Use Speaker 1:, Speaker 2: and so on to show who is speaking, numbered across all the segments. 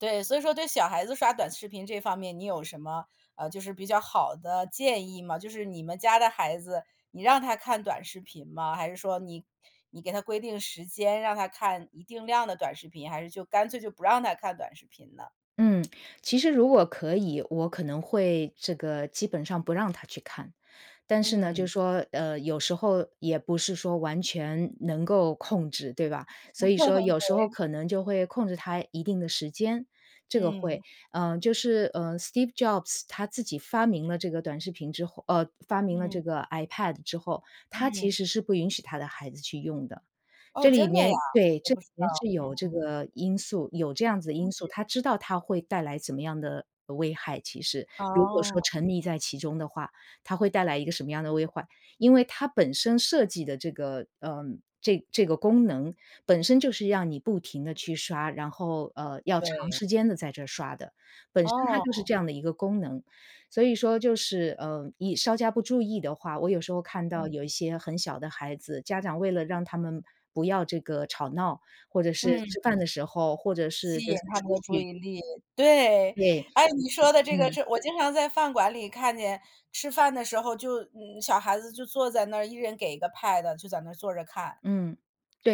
Speaker 1: 对，所以说对小孩子刷短视频这方面你有什么，呃，就是比较好的建议吗？就是你们家的孩子，你让他看短视频吗？还是说你-你给他规定时间，让他看一定量的短视频，还是就干脆就不让他看短视频呢？
Speaker 2: 嗯，其实如果可以，我可能会这个基本上不让他去看，但是呢，就
Speaker 1: 嗯。
Speaker 2: 说，呃，有时候也不是说完全能够控制，对吧？所以说有时候
Speaker 1: 对。
Speaker 2: 可能就会控制他一定的时间，这个
Speaker 1: 嗯。
Speaker 2: 会呃，就是，呃，Steve Jobs 他自己发明了这个短视频之后呃，发明了这
Speaker 1: 嗯。
Speaker 2: 个 iPad 之后，他其
Speaker 1: 嗯。
Speaker 2: 实是不允许他的孩子去用的。
Speaker 1: 哦，
Speaker 2: 这里
Speaker 1: 真的呀，
Speaker 2: 面对，
Speaker 1: 我
Speaker 2: 这
Speaker 1: 不
Speaker 2: 里
Speaker 1: 知道。
Speaker 2: 面是有这
Speaker 1: 嗯。
Speaker 2: 个因素有这样子的因素，他知道它会带来什么样的危害，其实。如果说
Speaker 1: 哦。
Speaker 2: 沉溺在其中的话，它会带来一个什么样的危害，因为它本身设计的这个，呃，这这个功能本身就是让你不停地去刷，然后，呃，要长
Speaker 1: 对。
Speaker 2: 时间地在这刷的，本身它就是
Speaker 1: 哦。
Speaker 2: 这样的一个功能。所以说就是，呃，你稍加不注意的话，我有时候看到有
Speaker 1: 嗯。
Speaker 2: 一些很小的孩子，家长为了让他们不要这个吵闹，或者是吃
Speaker 1: 嗯。
Speaker 2: 饭的时候，或者是
Speaker 1: 吸
Speaker 2: 就
Speaker 1: 引
Speaker 2: 是
Speaker 1: 他们
Speaker 2: 出
Speaker 1: 的注
Speaker 2: 去
Speaker 1: 意力，对，
Speaker 2: 对，
Speaker 1: 哎，
Speaker 2: 出
Speaker 1: 你
Speaker 2: 去，
Speaker 1: 说的这个
Speaker 2: 嗯。
Speaker 1: 是我经常在饭馆里看见吃饭的时候，就小孩子就坐在那一人给一个 pad，就在那坐着看。
Speaker 2: 嗯，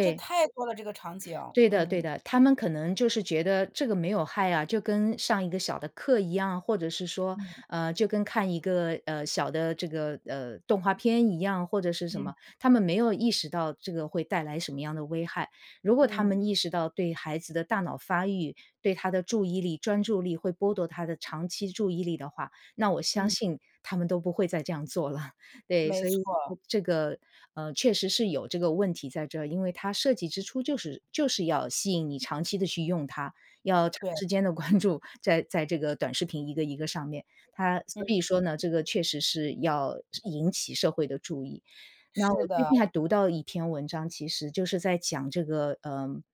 Speaker 1: 这太多了，这个场景，
Speaker 2: 对的对
Speaker 1: 嗯。
Speaker 2: 的，他们可能就是觉得这个没有害啊，就跟上一个小的课一样，或者是说，
Speaker 1: 嗯。
Speaker 2: 呃，就跟看一个，呃，小的这个，呃，动画片一样，或者是什
Speaker 1: 嗯。
Speaker 2: 么，他们没有意识到这个会带来什么样的危害。如果他
Speaker 1: 嗯。
Speaker 2: 们意识到对孩子的大脑发育，对他的注意力，专注力会剥夺他的长期注意力的话，那我相
Speaker 1: 嗯。
Speaker 2: 信他们都不会再这样做了。对，
Speaker 1: 没
Speaker 2: 所以
Speaker 1: 错。
Speaker 2: 这个，呃，确实是有这个问题在这儿，因为它设计之初就是就是要吸引你长期地去用它，要长
Speaker 1: 对。
Speaker 2: 时间地关注，在在这个短视频一个一个上面，它所以说
Speaker 1: 嗯。
Speaker 2: 呢，这个确实是要引起社会的注意。那我
Speaker 1: 是
Speaker 2: 最
Speaker 1: 的。
Speaker 2: 近还读到一篇文章，其实就是在讲这个，呃